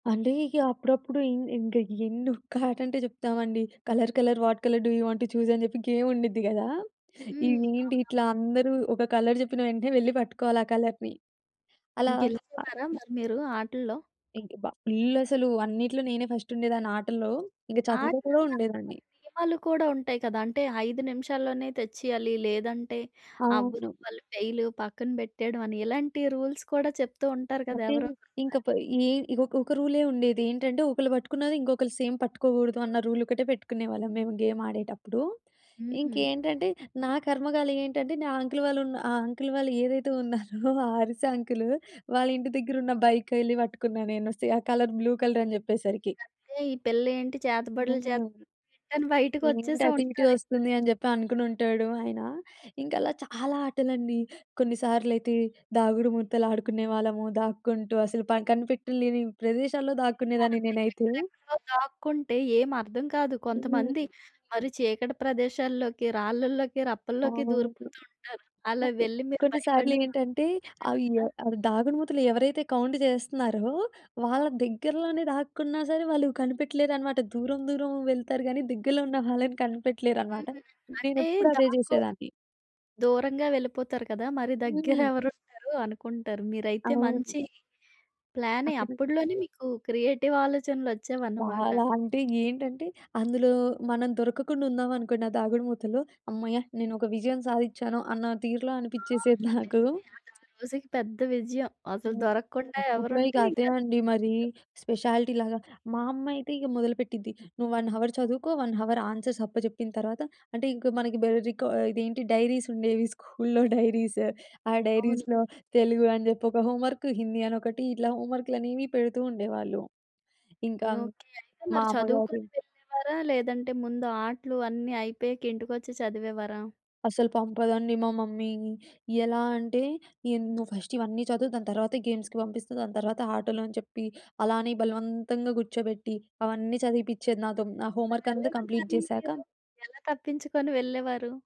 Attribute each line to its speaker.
Speaker 1: అంటే ఇగ అప్పుడప్పుడు ఇంగ్ ఇంగా ఎన్ను ఒక్క ఆటంటే చెప్తామండి. Colour colour what colour do you want to చూసని చెప్పి గేమ్ముండుద్ది గదా! ఇగ
Speaker 2: హ్మ్.
Speaker 1: ఏంటి ఇట్లా
Speaker 2: అవునవును.
Speaker 1: అందరూ ఒక కలర్ చెప్పిన వెంటనే వెళ్లి పట్టుకోవాలి ఆ కలర్‌ని. అలా
Speaker 2: గెలిచేవారా. మరి మీరు ఆటల్లో?
Speaker 1: ఇంకా బ ఫుల్లాసలు అన్నిట్లో నేనే ఫస్టుండేదాన్ని ఆటల్లో, ఇంకా చదువులో కూడా
Speaker 2: ఆటలనక్కా
Speaker 1: ఉండేదాన్ని.
Speaker 2: [unintelligible] కూడా ఉంటాయి కదా! అంటే 5 నిమిషాల్లోనే తెచ్చేయాలి. లేదంటే అవ్వు
Speaker 1: అవును.
Speaker 2: వాళ్ళు ఫెయిలు పక్కన పెట్టేయడమని, ఇలాంటి రూల్స్ కూడా చెప్తూ ఉంటారు కదా!
Speaker 1: అంటే
Speaker 2: ఎవరో ఒక్కలు.
Speaker 1: ఇంకపై ఈ ఇగ ఒక ఒక రూలే ఉండేది. ఏంటంటే ఒకళ్ళు పట్టుకున్నది ఇంకొకళ్ళు సేమ్ పట్టుకోకూడదన్న రూల్ ఒకటే పెట్టుకునేవాళ్ళం మేము గేమాడేటప్పుడు.
Speaker 2: హుహు.
Speaker 1: ఇంకేంటంటే నా కర్మ‌కాలి ఏంటంటే, నా అంకుల్ వాళ్ళు ఉన్న ఆ అంకుల్ వాళ్ళు ఏదైతే ఉన్నారో ఆ అరిసే అంకులు వాళ్ళింటి దగ్గర ఉన్న బైకెళ్లి పట్టుకున్నా నేను సే ఆ కలర్ బ్లూ కలరని చెప్పేసరికి.
Speaker 2: ఇకంతే ఈ పిళ్ళేంటి చేతబడులు
Speaker 1: హ్మ్.
Speaker 2: చేస్తుంది, కాని, బయటకొచ్చే
Speaker 1: "ఏంటది
Speaker 2: సౌండ్
Speaker 1: ఇటే వస్తుంది"
Speaker 2: ఉంటారేమరి.
Speaker 1: అని చెప్పి అనుకునుంటాడు ఆయన. ఇంక అలా చాలా ఆటలండి కొన్నిసార్లయితే దాగుడు మూతలు ఆడుకునేవాళ్ళము దాక్కుంటూ అసలు పన్ కనిపెట్టలేని ప్రదేశాల్లో
Speaker 2: ఆ!
Speaker 1: దాక్కునేదాన్ని
Speaker 2: ఇంకా
Speaker 1: నేనైతే.
Speaker 2: ఎక్కడెక్కడో దాక్కుంటే ఏం అర్థం కాదు. కొంతమంది
Speaker 1: హ్మ్.
Speaker 2: మరి చీకటి ప్రదేశాల్లోకి, రాళ్ళలోకి, రప్పల్లోకి
Speaker 1: అవును.
Speaker 2: దూరిపోతూ ఉంటారు. అలా
Speaker 1: ఓకె.
Speaker 2: వెళ్ళి మీరు భయపడిన సం
Speaker 1: కొన్నిసారలేంటంటే అయ్యో!
Speaker 2: ఏమైనుందా?
Speaker 1: అవి దాగుడుమూతలు ఎవరైతే కౌంటు చేస్తున్నారో వాళ్ళ దగ్గరలోనే దాక్కున్నా సరే! వాళ్ళు కనిపెట్టలేరన్నమాట. దూరం దూరం వెళ్తారు గాని దగ్గరలో ఉన్న వాళ్ళని కనిపెట్టలేరన్నమాట.
Speaker 2: హ్మ్. అంటే
Speaker 1: నేనెప్పుడు అదే
Speaker 2: దాక్కో
Speaker 1: చేసేదాన్ని.
Speaker 2: దూరంగా వెళ్ళిపోతారు కదా! మరి
Speaker 1: హ్మ్.
Speaker 2: దగ్గరేవరుంటారు అనుకుంటారు. మీరైతే
Speaker 1: అవును.
Speaker 2: మంచి ప్లానే
Speaker 1: అక్కడ
Speaker 2: అప్పడులోనే మీకు క్రియేటివ్ ఆలోచనలోచ్చేవన్నమాట.
Speaker 1: చాలా అంటే ఏంటంటే అందులో మనం దొరకకుండా ఉందమనుకోండి ఆ దాగుడుమూతలో, "హమ్మయ్య! నేను ఒక విజయం సాధించాను" అన్న తీరులో
Speaker 2: ఆ!
Speaker 1: అనిపించేసేది
Speaker 2: నిజమే
Speaker 1: నాకు.
Speaker 2: అది ఆ రోజుకి పెద్ద విజయం. అసలు
Speaker 1: హ్మ్.
Speaker 2: దొరకకుండా
Speaker 1: అప్పట్లో ఇక
Speaker 2: ఎవరుంటే
Speaker 1: అదే
Speaker 2: ఇంకాది
Speaker 1: అండి మరి స్పెషాలిటీ‌ లాగా. మా అమ్మైతే ఇక మొదలుపెట్టింది "నువ్వు 1 అవర్ చదువుకో, 1 అవర్ ఆన్సర్స్ అప్పజెప్పిన తర్వాత" అంటే ఇంక మనకి బెల్ రికా ఇదేంటి డైరీసుండేవి స్కూల్లో డైరీసు. ఆ
Speaker 2: అవును.
Speaker 1: డైరీస్‌లో తెలుగు అని జెప్పి ఒక హోంవర్కు, హిందీ అని ఒకటి, ఇట్లా హోంవర్క్‌లనేవి పెడుతూ ఉండేవాళ్ళు. ఇంకా
Speaker 2: ఓకే. అయితే
Speaker 1: మా
Speaker 2: మరి చదువుకొని
Speaker 1: అమ్మగారు
Speaker 2: వెళ్ళేవారా? లేదంటే ముందు ఆటలు అన్నీ అయిపోయాక ఇంటికొచ్చి చదివేవారా?
Speaker 1: అసలు పంపదండి మా మమ్మీ. ఎలా అంటే ఎంద్ "నువ్వు ఫస్ట్ ఇవన్నీ చదువు దాని తర్వాత గేమ్స్‌కి పంపిస్తా, దాని తర్వాత ఆటలని చెప్పి" అలానే బలవంతంగా కూర్చోబెట్టి అవన్నీ చదివిపిచేది నాతో. నా హోమ్ వర్కం‌తా
Speaker 2: [unintelligible]
Speaker 1: కంప్లీట్
Speaker 2: మరి ఏదో
Speaker 1: చేసాక
Speaker 2: ఎలా తప్పించుకొని వెళ్ళేవారు?